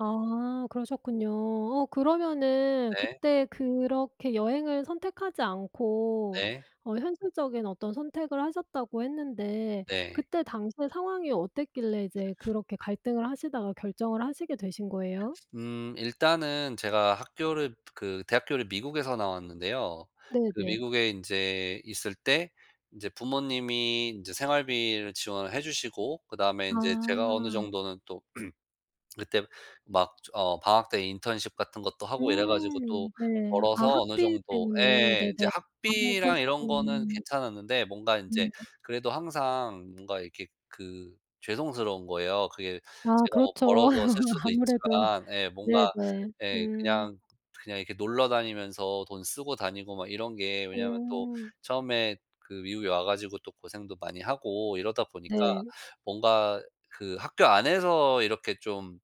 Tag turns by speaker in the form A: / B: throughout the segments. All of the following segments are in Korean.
A: 아. 그러셨군요. 어 그러면은
B: 네.
A: 그때 그렇게 여행을 선택하지 않고
B: 네.
A: 어 현실적인 어떤 선택을 하셨다고 했는데
B: 네.
A: 그때 당시에 상황이 어땠길래 이제 그렇게 갈등을 하시다가 결정을 하시게 되신 거예요?
B: 음. 일단은 제가 학교를 그 대학교를 미국에서 나왔는데요. 그
A: 네네.
B: 미국에 인제 있을 때 인제 부모님이 인제 생활비를 지원을 해 주시고 그다음에 인제 제가 어느
A: 아.
B: 정도는 또 그때 막 저 어 방학 때 인턴십 같은 것도 하고 이래 가지고 또
A: 음. 네. 아
B: 벌어서 어느
A: 학비
B: 정도
A: 때문에.
B: 예. 이제
A: 네네. 아.
B: 학비랑 이런 거는
A: 그러셨구나.
B: 괜찮았는데 뭔가 인제
A: 음 네.
B: 그래도 항상 뭔가 이렇게 그 죄송스러운 거예요. 그게
A: 아
B: 제가 뭐
A: 그렇죠.
B: 벌어서 쓸 수도
A: 아무래도.
B: 있지만 예, 뭔가
A: 네네.
B: 예
A: 음.
B: 그냥 그냥 이렇게 놀러 다니면서 돈 쓰고 다니고 막 이런 게 왜냐하면 또
A: 음.
B: 처음에 그 미국에 와 가지고 또 고생도 많이 하고 이러다 보니까
A: 네.
B: 뭔가 그 학교 안에서 이렇게 좀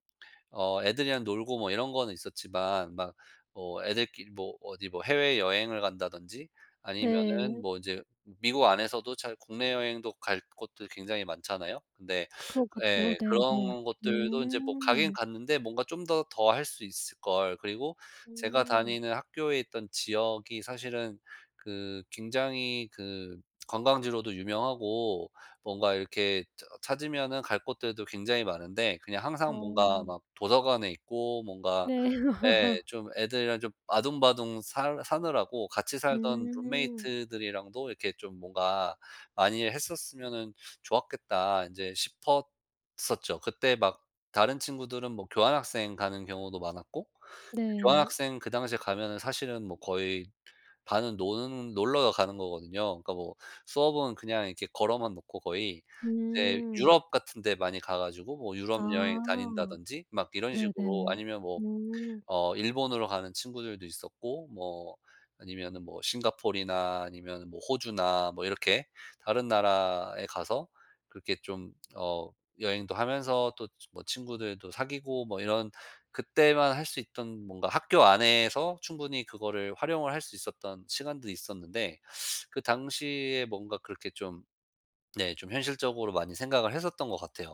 B: 어 애들이랑 놀고 뭐 이런 거는 있었지만 막 뭐 애들끼리 뭐 어디 뭐 해외 여행을 간다든지 아니면은
A: 네.
B: 뭐 이제 미국 안에서도 잘 국내 여행도 갈 곳들 굉장히 많잖아요? 근데
A: 그렇겠죠.
B: 예.
A: 네네.
B: 그런 곳들도 인제 뭐 가긴
A: 음.
B: 갔는데 '뭔가 좀 더 더 할 수 있을걸.' 그리고 제가
A: 음.
B: 다니는 학교에 있던 지역이 사실은 그 굉장히 그 관광지로도 유명하고 뭔가 이렇게 저 찾으면은 갈 곳들도 굉장히 많은데 그냥 항상 뭔가
A: 어.
B: 막 도서관에 있고 뭔가
A: 네.
B: 예, 좀 애들이랑 좀 아등바등 살 사느라고 '같이 살던
A: 음.
B: 룸메이트들이랑도 이렇게 좀 뭔가 많이 했었으면은 좋았겠다.' 인제 싶었었죠. 그때 막 다른 친구들은 뭐 교환학생 가는 경우도 많았고 그
A: 네.
B: 교환학생 그 당시에 가면은 사실은 뭐 거의 반은 노는 놀러 가는 거거든요. 그러니까 뭐 수업은 그냥 이렇게 걸어만 놓고 거의. 이제
A: 음.
B: 유럽 같은 데 많이 가 가지고 뭐 유럽 여행
A: 아.
B: 다닌다든지 막 이런 식으로.
A: 네네.
B: 아니면 뭐
A: 음.
B: 어 일본으로 가는 친구들도 있었고 뭐 아니면은 뭐 싱가폴이나 아니면은 뭐 호주나 뭐 이렇게 다른 나라에 가서 그렇게 좀 어 여행도 하면서 또 지 뭐 친구들도 사귀고 뭐 이런 그때만 할 수 있던 뭔가 학교 안에서 충분히 그거를 활용을 할 수 있었던 시간도 있었는데 그 당시에 뭔가 그렇게 좀 네, 좀 현실적으로 많이 생각을 했었던 것 같아요.